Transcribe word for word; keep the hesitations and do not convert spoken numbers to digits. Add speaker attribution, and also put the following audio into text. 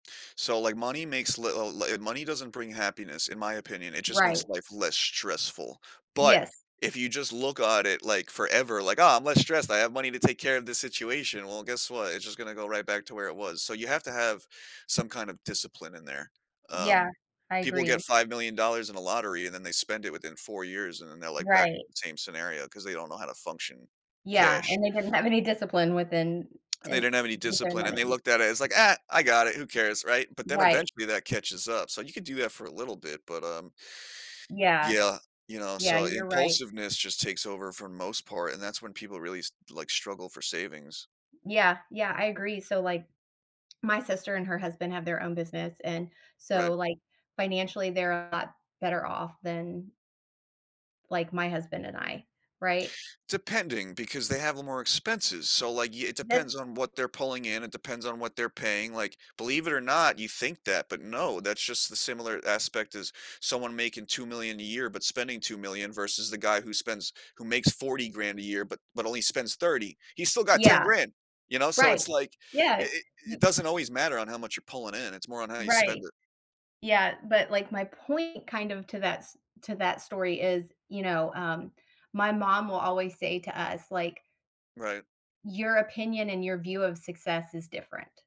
Speaker 1: So like money makes little, i l uh, money doesn't bring happiness in my opinion, it just makes
Speaker 2: Right.
Speaker 1: life less stressful. But
Speaker 2: Yes.
Speaker 1: if you just look on it like forever, like, "Oh I'm less stressed. I have money to take care of this situation." Well, guess what? It's just gonna go right back to where it was. So you have to have some kind of discipline in there.
Speaker 2: Yeah,
Speaker 1: Um,
Speaker 2: I
Speaker 1: people get
Speaker 2: agree.
Speaker 1: $5 million in a lottery and then they spend it within four years and then they're like back to
Speaker 2: Right.
Speaker 1: the same scenario because they don't know how to function.
Speaker 2: Yeah,
Speaker 1: Cash.
Speaker 2: and they didn't have any discipline within
Speaker 1: And they
Speaker 2: In
Speaker 1: didn't have any
Speaker 2: with their
Speaker 1: discipline and
Speaker 2: money.
Speaker 1: they looked at it it's like, "Ah, I got it, who cares," right? But then
Speaker 2: Right.
Speaker 1: eventually that catches up so you could do that for a little bit, but um
Speaker 2: Yeah,
Speaker 1: Yeah, you know,
Speaker 2: yeah,
Speaker 1: so
Speaker 2: you're right.
Speaker 1: impulsiveness just takes over for most part, and that's when people really s like struggle for savings.
Speaker 2: Yeah, yeah, I agree. So, like, my sister and her husband have their own business and
Speaker 1: Right.
Speaker 2: so like, financially they're a lot better off than like my husband and I, right?
Speaker 1: Depending because they have a more expenses, so like y it
Speaker 2: That
Speaker 1: depends on what they're pulling in. It depends on what they're paying, like, believe it or not, you think that, but no, that's just the similar aspect as someone making $2 million a year but spending 2 million versus the guy who spends who makes forty grand a year but but only spends thirty. He's still got ten
Speaker 2: Yeah.
Speaker 1: grand, you know, so
Speaker 2: Right,
Speaker 1: it's like it
Speaker 2: Yeah,
Speaker 1: it
Speaker 2: y
Speaker 1: it doesn't
Speaker 2: s
Speaker 1: always matter on how much you're pulling in, it's more on how you spend
Speaker 2: Right.
Speaker 1: it.
Speaker 2: Yeah, but like my point kind of to that, s to that story is, you know, um, my mom will always say to us, like
Speaker 1: Right.
Speaker 2: Your opinion and your view of success is different.